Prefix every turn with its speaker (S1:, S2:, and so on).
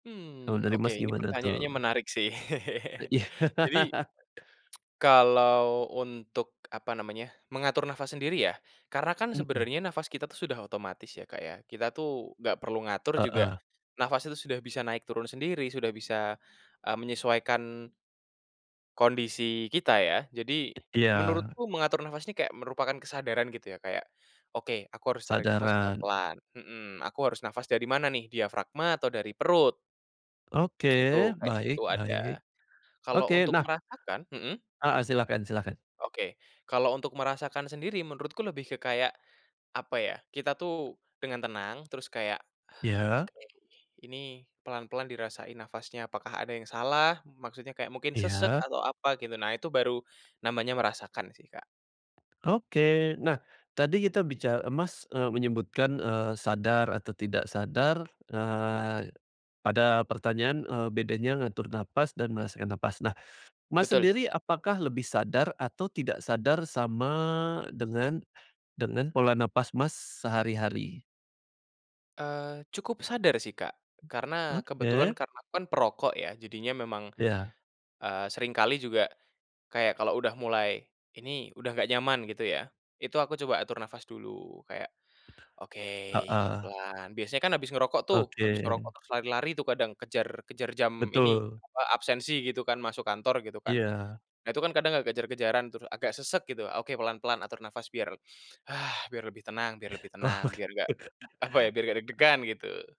S1: Kalau
S2: Mmm,
S1: dari,
S2: oke
S1: Mas,
S2: ini
S1: gimana
S2: pertanyaannya
S1: tuh?
S2: menarik sih,
S1: Eee, iya.
S2: Jadi, kalau untuk apa namanya, mengatur nafas sendiri ya karena kan
S1: Mmm.
S2: sebenarnya nafas kita tuh sudah otomatis ya, Kak, ya. Kita tuh nggak perlu ngatur juga
S1: Heeh.
S2: nafas itu sudah bisa naik turun sendiri sudah bisa, eee, menyesuaikan kondisi kita ya. Jadi,
S1: Iya.
S2: menurutku mengatur nafas ini kayak merupakan kesadaran gitu ya kayak, "Oke, aku harus tarik nafas
S1: Kesadaran.
S2: pelan-pelan," mmm, "Aku harus nafas dari mana nih diafragma atau dari perut?" Itu,
S1: Oke,
S2: kayak gitu
S1: baik
S2: ada.
S1: baik.
S2: Kalau
S1: Oke,
S2: untuk
S1: nah
S2: merasakan hmm.
S1: Heeh, silahkan silahkan.
S2: Oke, kalau untuk merasakan sendiri menurutku lebih ke kayak, apa ya kita tuh dengan tenang terus kayak,
S1: Iya.
S2: oke, ini pelan-pelan dirasain nafasnya apakah ada yang salah maksudnya kayak mungkin sesak
S1: Iya.
S2: atau apa gitu nah itu baru namanya merasakan sih, Kak.
S1: Oke. Nah, tadi kita bica Mas, eee, menyebutkan, eee, sadar atau tidak sadar, eee, pada pertanyaan, eee, bedanya ngatur napas dan merasakan napas. Nah, Mas,
S2: Betul.
S1: sendiri apakah lebih sadar atau tidak sadar sama dengan dengan pola nafas, Mas, sehari-hari?
S2: Eee, cukup sadar sih, Kak, karena kebetulan
S1: Oke.
S2: karena aku kan perokok ya jadinya memang,
S1: Iya.
S2: eee, seringkali juga kayak kalau udah mulai, "Ini udah gak nyaman," gitu ya. Itu aku coba atur nafas dulu kayak, oke,
S1: Heeh.
S2: pelan biasanya kan habis ngerokok tuh, habis
S1: Oke.
S2: ngerokok terus lari-lari tuh kadang kejar kejar jam ini,
S1: Betul.
S2: apa absensi gitu kan masuk kantor gitu kan.
S1: Iya.
S2: Nah itu kan kadang kayak kejar-kejaran terus agak sesak gitu, oke pelan-pelan atur nafas biar biar lebih tenang biar lebih
S1: Ke
S2: tenang,
S1: laut.
S2: biar gak, apa ya, biar gak deg-degan gitu.